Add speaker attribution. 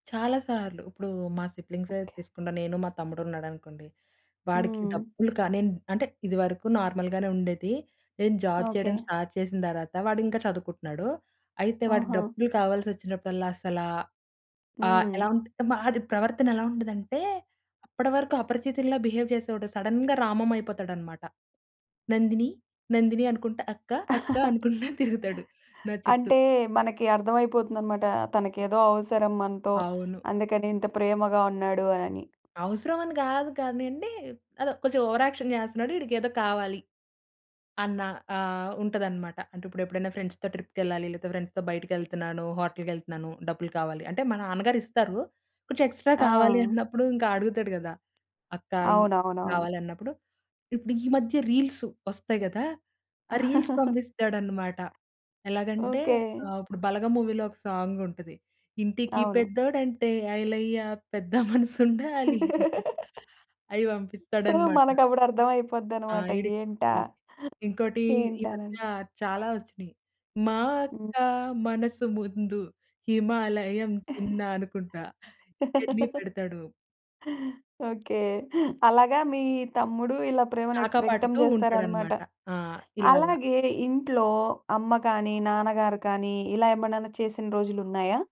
Speaker 1: చాలా సార్లు. ఇప్పుడు మా సిబ్లింగ్సే
Speaker 2: ఓకే.
Speaker 1: తీసుకుంటా నేను మా తమ్ముడున్నాడనుకోండి. వాడికి
Speaker 2: హ్మ్.
Speaker 1: డబ్బులు కాని అంటే ఇది వరకు నార్మల్‌గానే ఉండేది. నేను జాబ్
Speaker 2: ఓకే.
Speaker 1: చేయడం స్టార్ట్ చేసిన దర్వాత వాడింకా చదువుకుంటున్నాడు. అయితే వాడికి
Speaker 2: ఆహా!
Speaker 1: డబ్బులు కావాల్సొచ్చినప్పుడల్లా అసల ఆ ఎలా
Speaker 2: హ్మ్.
Speaker 1: ఉంటు ఆడి ప్రవర్తనెలా ఉంటదంటే అప్పడివరకు అపరిచితుడిలా బిహేవ్ జేసేవోడు సడెన్‌గా రామంమయిపోతాడనమాట. "నందిని, నందిని" అనుకుంట "అక్క, అక్క" అనుకుంట తిరుగుతాడు నా చుట్టూ.
Speaker 2: అంటే మనకి అర్థమైపోతుందన్నమాట. తనకేదో అవసరం మనతో
Speaker 1: అవును.
Speaker 2: అందుకని ఇంత ప్రేమగా ఉన్నాడు అనని.
Speaker 1: అవసరమని గాదు కానియండి. అదో కొంచెం ఓవర్ యాక్షన్ జేస్తున్నాడు ఈడికేదో కావాలి. అన్న ఆహ్, ఉంటదన్నమాట. అంటే ఇప్పుడెప్పుడనా ఫ్రెండ్స్‌తో ట్రిప్‌కెళ్ళాలి లేతే ఫ్రెండ్స్‌తో బయటికెళ్తున్నాను, హోటల్‌కెళ్తున్నాను డబ్బులు కావాలి అంటే మా నాన్నగారిస్తారు. కొంచెం ఎక్స్‌ట్రా కావాలి
Speaker 2: ఆ!
Speaker 1: అన్నప్పుడు ఇంక అడుగుతాడు గదా! "అక్క ఈ"
Speaker 2: అవునవునవును.
Speaker 1: కావాలన్నప్పుడు ఇప్పుడు ఈ మధ్య రీల్స్ వస్తాయి గదా. ఆ రీల్స్ పంపిస్తాడన్నమాట. ఎలాగంటే
Speaker 2: ఓకే.
Speaker 1: ఆహ్, ఇప్పుడు బలగం మూవీలో ఒక సాంగుంటది. ఇంటికి
Speaker 2: అవును.
Speaker 1: పెద్దోదంటే ఐలయ్యా పెద్ద మనసుండాలి. ఐయి
Speaker 2: సో
Speaker 1: పంపిస్తాడన్నమాట.
Speaker 2: మనకప్పుడు అర్థం
Speaker 1: ఆ!
Speaker 2: అయిపోద్దన్నమాట.
Speaker 1: ఈడికి
Speaker 2: ఏంటా
Speaker 1: హ్మ్, ఇంకోటి ఈ మధ్య
Speaker 2: ఏంటానని.
Speaker 1: చాలా వచ్చినియి. మా
Speaker 2: హ్మ్.
Speaker 1: అక్క మనసు ముందు హిమాలయం చిన్నా అనుకుంటా ఇయన్ని పెడతాడు.
Speaker 2: ఓకే. అలాగా మీ తమ్ముడు ఇలా ప్రేమను ఎక్త్ వ్యక్తం జేస్తారనమాట.
Speaker 1: కాకాపాటుతూంటాడన్నమాట. ఆ! ఇలాగ.
Speaker 2: అలాగే ఇంట్లో అమ్మ కానీ, నాన్నగారు కానీ ఇలా ఎమనన్నా చేసిన రోజులున్నాయా?